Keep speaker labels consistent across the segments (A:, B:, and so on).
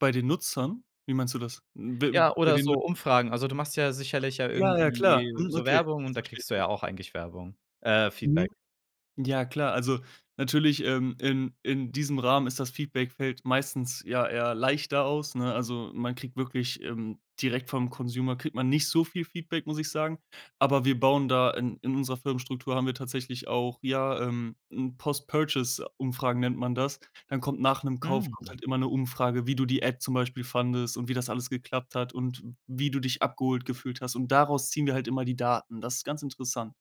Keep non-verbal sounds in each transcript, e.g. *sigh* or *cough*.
A: Bei den Nutzern? Wie meinst du das? B
B: Ja,
A: bei
B: oder
A: den
B: so
A: Nut
B: Umfragen. Also, du machst ja sicherlich ja
A: Ja, ja, klar.
B: irgendwie
A: Mhm,
B: so
A: okay,
B: Werbung, und
A: jetzt
B: da
A: versteh ich
B: kriegst du ja
A: dich.
B: auch eigentlich Werbung. Äh,
A: Mhm.
B: Feedback.
A: Ja, klar. Also natürlich, ähm, in in diesem Rahmen ist das Feedback fällt meistens ja ja leichter aus, ne? Also, man kriegt wirklich, ähm, direkt vom Consumer kriegt man nicht so viel Feedback, muss ich sagen. Aber wir bauen da in in unserer Firmenstruktur haben wir tatsächlich auch, ja, ähm, 'n Post Purchase Umfragen nennt man das. Dann kommt nach 'nem Kauf kommt
B: Mhm.
A: halt immer 'ne Umfrage, wie du die App zum Beispiel fandest und wie das alles geklappt hat und wie du dich abgeholt gefühlt hast. Und daraus ziehen wir halt immer die Daten. Das ist ganz interessant.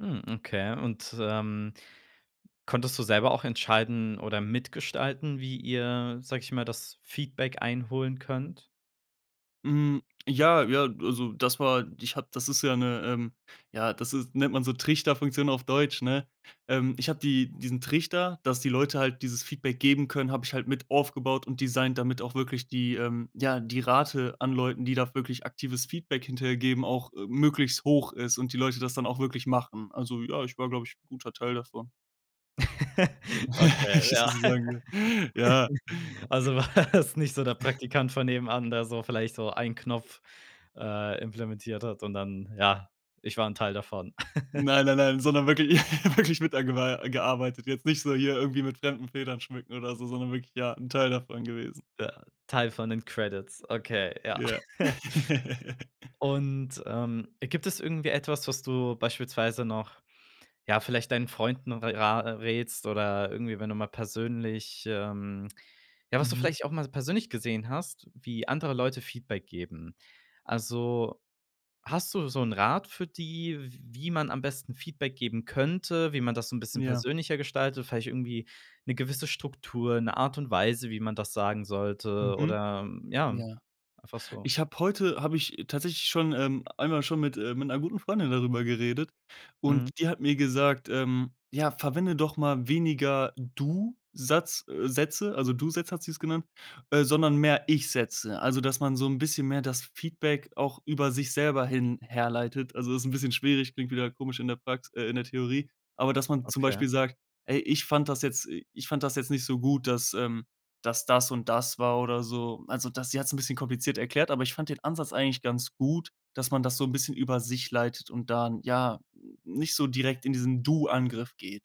B: Mhm. Okay. Und, ähm, konntest du selber auch entscheiden oder mitgestalten, wie ihr, sag ich mal, das Feedback einholen könnt?
A: Hm, ja, ja, also das war ich hab das ist ja 'ne, ähm, ja das ist nennt man so Trichterfunktion auf Deutsch, ne? Ähm, ich hab die diesen Trichter, dass die Leute halt dieses Feedback geben können hab ich halt mit aufgebaut und designt, damit auch wirklich die, ähm ja, die Rate an Leuten, die da wirklich aktives Feedback hinterher geben, auch, äh, möglichst hoch ist und die Leute das dann auch wirklich machen. Also, ja, ich war, glaub ich, 'n guter Teil davon.
B: *laughs* Okay,
A: *giggles*
B: ja..
A: *unintelligible* sagen soll. Ja.
B: *laughs*
A: *giggles*
B: Also warst nicht so der
A: *chuckles*
B: Praktikant von nebenan, der so vielleicht so ein Knopf, äh, implementiert hat und dann: „Ja, ich war ´n Teil davon.” *giggles*
A: Nein, nein, nein, sondern wirklich *laughs* wirklich mit da gewa äh, gearbeitet. Jetzt nicht so hier irgendwie mit fremden Federn schmücken oder so, sondern wirklich, ja, 'n Teil davon gewesen.
B: Ja, Teil von den Credits, okay, ja.
A: Ja.
B: *laughs*
A: *laughs*
B: Und, ähm, gibt es irgendwie etwas, was du beispielsweise noch, ja, vielleicht deinen Freunden ra äh, rätst oder irgendwie, wenn du mal persönlich, ähm ja, was du
A: Mhm.
B: vielleicht auch mal so persönlich gesehen hast, wie andere Leute Feedback geben? Also, hast du so 'n Rat für die, w wie man am besten Feedback geben könnte, wie man das so 'n bisschen
A: Ja.
B: persönlicher gestaltet? Vielleicht irgendwie 'ne gewisse Struktur, 'ne Art und Weise, wie man das sagen sollte
A: Mhm.
B: oder ja,
A: Ja.
B: einfach so?
A: Ich habe heute habe ich tatsächlich schon, ähm, einmal schon mit, äh, mit 'ner guten Freundin darüber geredet, und
B: Mhm.
A: die hat mir gesagt, ähm, ja: „Verwende doch mal weniger Du-Satz, äh, Sätze,“ also Du-Sätze hat sie es genannt, äh, „sondern mehr Ich-Sätze.“ Also, dass man so 'n bisschen mehr das Feedback auch über sich selber hin herleitet. Also ist 'n bisschen schwierig, klingt wieder komisch in der Prax äh, in der Theorie, aber dass man zum
B: Okay.
A: Beispiel sagt: „Ey, ich fand das jetzt i ich fand das jetzt nicht so gut, dass, ähm, dass das und das war“, oder so. Also das sie hat's 'n bisschen kompliziert erklärt, aber ich fand den Ansatz eigentlich ganz gut, dass man das so 'n bisschen über sich leitet und dann, ja, nicht so direkt in diesen Du-Angriff geht.